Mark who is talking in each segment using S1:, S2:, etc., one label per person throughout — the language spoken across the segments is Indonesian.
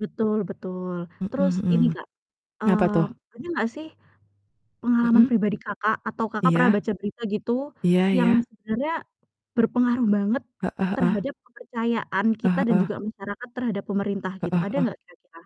S1: Betul betul,
S2: Mhm
S1: terus ini
S2: mhm.
S1: Kak,
S2: Apa
S1: mmm,
S2: tuh?
S1: ada nggak sih pengalaman
S2: Mhm.
S1: pribadi Kakak, atau Kakak pernah
S2: Iya.
S1: baca berita gitu,
S2: Iya
S1: yang
S2: iya.
S1: sebenarnya berpengaruh banget
S2: Heeh heeh.
S1: terhadap kepercayaan
S2: Heeh
S1: kita dan
S2: heeh.
S1: juga masyarakat terhadap pemerintah gitu,
S2: Heeh
S1: ada
S2: heeh.
S1: nggak kira-kira?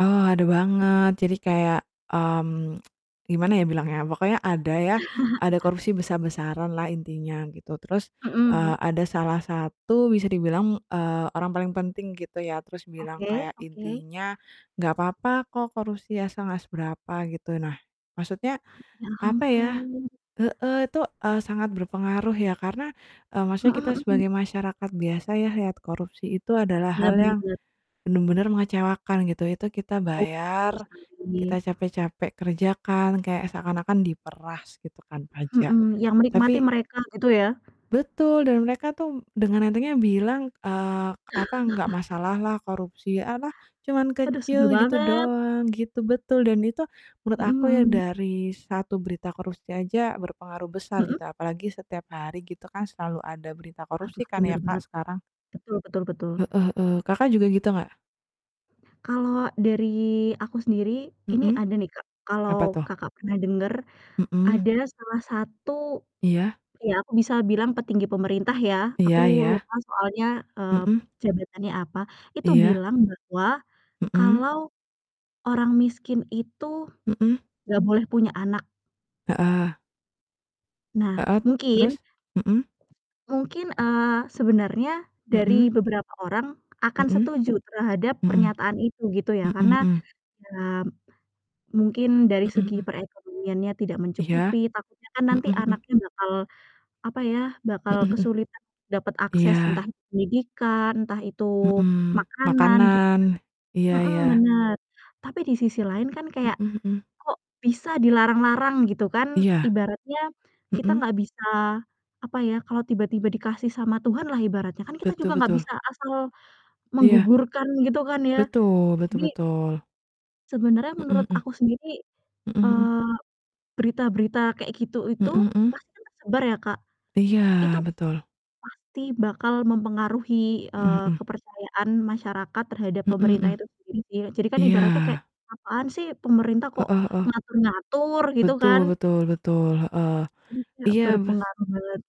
S2: Eee, ada banget. Jadi kayak, mmm, gimana ya bilangnya, pokoknya ada ya, ada
S1: Apa?
S2: korupsi besar-besaranlah intinya gitu. Terus, eee,
S1: Mhm.
S2: ada salah satu bisa dibilang, eee, orang paling penting gitu ya, terus bilang
S1: Oke
S2: kayak
S1: oke.
S2: intinya, "Nggak apa-apa kok korupsi asal nggak seberapa," gitu. Nah, maksudnya,
S1: Ya
S2: apa ya
S1: ampun.
S2: heeh, itu, eee, sangat berpengaruh ya karena, eee, maksudnya kita
S1: Mhm mhm.
S2: sebagai masyarakat biasa ya, lihat korupsi itu adalah
S1: Bener
S2: hal
S1: bener
S2: yang
S1: bener.
S2: bener-bener mengecewakan, gitu. Itu kita
S1: Betul betul
S2: bayar,
S1: sekali.
S2: kita capek-capek kerja kan, kayak seakan-akan diperas, gitu kan, pajak.
S1: Mhm, yang menikmati
S2: Tapi
S1: mereka, gitu ya?
S2: Betul! Dan, mereka tuh dengan entengnya bilang, eee, apa, "Nggak masalah lah korupsi, e apa, cuman
S1: Aduh, sebel
S2: kecil gitu
S1: banget.
S2: doang," gitu betul, dan itu menurut
S1: Mhm
S2: aku ya
S1: mhm.
S2: dari satu berita korupsi aja berpengaruh besar gitu,
S1: Mhm.
S2: apalagi setiap hari gitu kan, selalu ada berita korupsi
S1: Aduh,
S2: kan
S1: bener
S2: ya Kak,
S1: banget.
S2: sekarang.
S1: Betul betul betul.
S2: Heeh heeh, Kakak juga gitu nggak?
S1: Kalau dari aku sendiri, ini
S2: Mhm,
S1: ada nih Kak,
S2: apa
S1: kalau
S2: tuh?
S1: Kakak pernah denger,
S2: Mhm.
S1: ada salah satu
S2: Iya.
S1: iya, aku bisa bilang petinggi pemerintah ya, aku
S2: Iya iya.
S1: lupa soalnya, eee, p
S2: Mhm.
S1: jabatannya apa, itu
S2: Iya.
S1: bilang bahwa,
S2: Mhm.
S1: kalau "Orang miskin itu,
S2: Mhm.
S1: nggak boleh punya anak."
S2: Heeh.
S1: Nah,
S2: Heeh,
S1: mungkin
S2: terus? Mhm.
S1: mungkin, eee, sebenarnya dari
S2: Mhm.
S1: beberapa orang akan
S2: Mhm.
S1: setuju terhadap
S2: Mhm.
S1: pernyataan itu, gitu ya.
S2: Mhm
S1: Karena,
S2: mhm.
S1: ya mungkin dari
S2: Mhm
S1: segi
S2: mhm.
S1: perekonomiannya tidak
S2: Iya.
S1: mencukupi, takutnya kan
S2: Mhm
S1: nanti
S2: mhm.
S1: anaknya bakal, apa ya, bakal
S2: Mhm mhm.
S1: kesulitan dapat akses, entah
S2: Iya.
S1: itu pendidikan, entah itu
S2: Mhm,
S1: makanan, gitu
S2: makanan.
S1: kan
S2: Iya
S1: mhm,
S2: iya.
S1: benar. Tapi, di sisi lain kan kayak
S2: Mhm mhm.
S1: kok bisa dilarang-larang gitu kan,
S2: Iya.
S1: ibaratnya kita
S2: Mhm.
S1: nggak bisa, apa ya, kalau tiba-tiba dikasih sama Tuhan lah, ibaratnya kan kita
S2: Betul
S1: juga nggak
S2: betul.
S1: bisa asal
S2: Iya.
S1: menggugurkan, gitu kan ya.
S2: Betul betul
S1: Jadi
S2: betul.
S1: sebenarnya
S2: Mhm
S1: menurut
S2: mhm.
S1: aku sendiri,
S2: Mhm mhm.
S1: eee, berita-berita kayak gitu itu,
S2: Mhm mhm.
S1: pasti tersebar ya Kak,
S2: Iya,
S1: itu
S2: betul.
S1: pasti bakal mempengaruhi,
S2: Mhm
S1: eee,
S2: mhm.
S1: kepercayaan masyarakat terhadap
S2: Mhm
S1: pemerintah
S2: mhm.
S1: itu sendiri sih. Jadi kan
S2: Iya.
S1: ibaratnya kayak, "Apaan sih pemerintah kok
S2: Heeh heeh.
S1: ngatur-ngatur," gitu
S2: Betul
S1: kan.
S2: betul betul, heeh.
S1: Iya,
S2: Iya, bes
S1: berpengaruh banget.